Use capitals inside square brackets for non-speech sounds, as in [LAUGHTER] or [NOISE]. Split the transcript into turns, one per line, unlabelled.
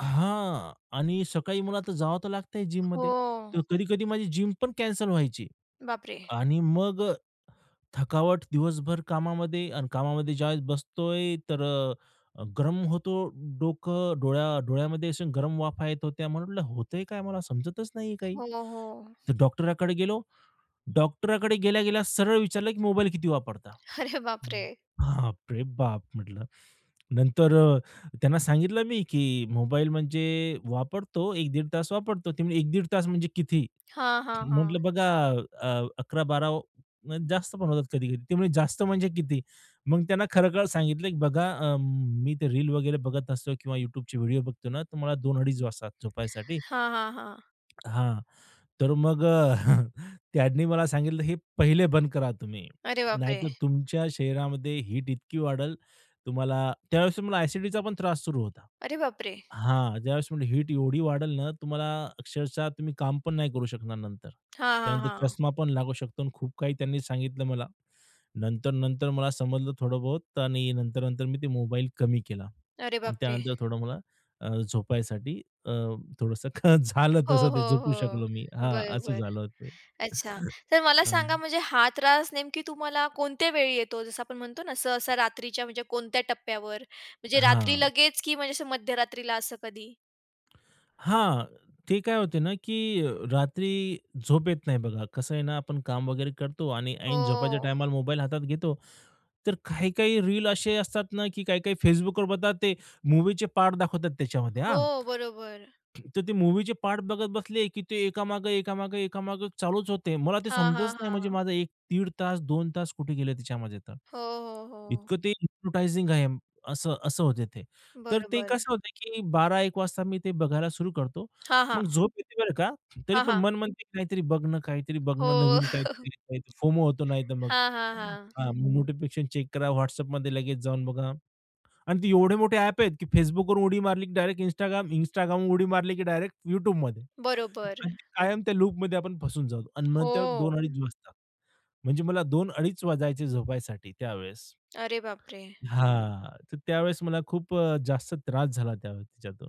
हां आणि सकाळी मला तर जावं लागतंय जिममध्ये
हो.
तर कधी-कधी माझी जिम पण कॅन्सल व्हायची
बापरे!
आणि मग अ, थकावट दिवसभर कामामध्ये आणि कामामध्ये ज्यावेळेस बसतोय, तर गरम होतो डोकं, डोळ्या डोळ्यामध्ये गरम वाफा येत होत्या. मला म्हटलं होतंय काय मला समजतच नाहीये काही,
हो, हो.
तर डॉक्टरकडे गेलो. डॉक्टरकडे गेल्या-गेल्या सरळ विचारलं, की "मोबाईल किती वापरता."
अरे
हं,
बापरे!
बापरे बाप! म्हटलं, नंतर अ, त्यांना सांगितलं मी, की मोबाईल म्हणजे वापरतो, 1-1.30 तास वापरतो. ते म्हणले, "1-1.30 तास म्हणजे किती?"
हां, हां,
म्हटलं
हां.
बघा अ, 11-12 वा म्हणजे जास्त पण होतात कधी कधी. ते म्हणे जास्त म्हणजे किती? मग त्यांना खरं-खरं सांगितलं. बघा, अ, मी ते रील वगैरे बघत असतो किंवा YouTubeचे व्हिडिओ बघतो ना, तर मला 2 अडीच वाजता झोपायसाठी.
हां, हां, हां.
हां, तर मग [CHUCKLES] त्यांनी मला सांगितलं, "हे पहिले बंद करा तुम्ही,
अरे बापरे!
नाहीतर तुमच्या शरीरामध्ये हीट इतकी वाढेल, तुम्हाला त्यावेळेस तुम्हाला अ‍ॅसिडिटीचा पण त्रास सुरू होता.
अरे बापरे!
हां, ज्यावेळेस हीट एवढी वाढेल ना तुम्हाला अक्षरशः तुम्ही काम पण नाही करू शकणार नंतर.
हां, हां,
त्यानंतर
हां.
चष्मा पण लागू शकतो" आणि खूप काही त्यांनी सांगितलं मला, नंतर-नंतर मला समजलं थोडं बहुत आणि नंतर-नंतर मी ते मोबाईल कमी केला,
अरे बापरे!
त्यानंतर थोडं मला अ, झोपायसाठी अ, थोडंसं झालं
हो,
तसं ते
हो,
झोपू
हो.
शकलो मी हां,
बरं,
असं
बरं.
झालं ते.
अच्छा,
[CHUCKLES]
तर मला सांगा
हं.
म्हणजे हा त्रास नेमकी तुम्हाला कोणत्या वेळी येतो, जसं आपण म्हणतो ना सहसा रात्रीच्या म्हणजे कोणत्या टप्प्यावर म्हणजे रात्री
हां.
लगेच की म्हणजे असं मध्यरात्रीला असं कधी?
हां, ते काय होते ना, की अ, रात्री झोप येत नाही. बघा कसं आहे ना, आपण काम वगैरे करतो आणि ऐन झोपाच्या
हो.
टाईमाला मोबाईल हातात घेतो. तर काही-काही रील असे असतात ना, की काही-काही Facebookवर बघा ते मूव्हीचे पार्ट दाखवतात त्याच्यामध्ये. हां.
हो. बरोबर.
तर ते मूव्हीचे पार्ट बघत बसले, की ते एकामागे एकामागे, एकामागे चालूच होते. मला ते
हां,
समजतच
हां,
नाही म्हणजे
हां.
माझं, 1 दीड तास, 2 तास कुठे गेले तिच्यामध्ये तर.
हो, हो, हो.
इतकं ते [WHISTLES] हिप्नोटाइजिंग आहे असं, असं होते ते, तर ते
बरोबर.
कसं होत, की 12-1 वाजता मी ते बघायला सुरू करतो.
हां, हां.
मग झोप येते बरं का तरी
हां,
पण
हां.
मन म्हणते, की काहीतरी बघणं, काहीतरी
हो.
बघणं, नवीन काहीतरी फोमो होतो नाही
[CHUCKLES]
तर मग.
हां, हां, हां.
हां, नोटिफिकेशन चेक करा. WhatsAppमध्ये लगेच जाऊन बघा आणि ते एवढे मोठे ॲप आहेत, की Facebookवरून उडी मारली की डायरेक्ट Instagram, Instagramवर उडी मारली की डायरेक्ट YouTubeमध्ये
बरोबर.
आणि कायम त्या लूपमध्ये आपण फसून जाऊ आणि मग त्यामुळे 2
हो.
अडीच वाजतात. म्हणजे मला 2 अडीच वाजायचे झोपायसाठी त्यावेळेस.
अरे बापरे!
हां, तर त्यावेळेस मला खूप अ, जास्त त्रास झाला त्यावेळेस तिच्यातून.